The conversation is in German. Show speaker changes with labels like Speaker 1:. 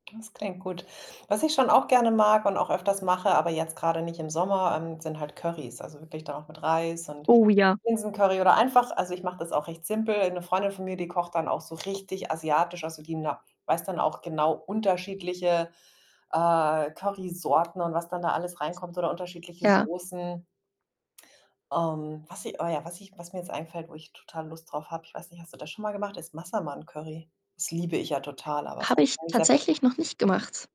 Speaker 1: [unintelligible] klingt gut. Was ich schon auch gerne mag und auch öfters mache, aber jetzt grade nicht im Sommer, ähm, sind halt Currys. Also, wirklich dann auch mit Reis und
Speaker 2: Oh ja.
Speaker 1: Linsencurry oder einfach also, ich mache das auch recht simpel. Eine Freundin von mir, die kocht dann auch so richtig asiatisch. Also, die [unintelligible] weiß dann auch genau unterschiedliche, äh, Currysorten und was dann da alles reinkommt, oder unterschiedliche
Speaker 2: Ja.
Speaker 1: Soßen. Ähm, was sie oh ja, was ich was mir jetzt einfällt, wo ich total Lust drauf habe, ich weiß nicht, hast du das schon mal gemacht? Ist Massaman Curry. Das liebe ich ja total, aber das
Speaker 2: Habe
Speaker 1: habe ich
Speaker 2: ich
Speaker 1: noch nicht selber
Speaker 2: tatsächlich
Speaker 1: gemacht.
Speaker 2: noch nicht gemacht.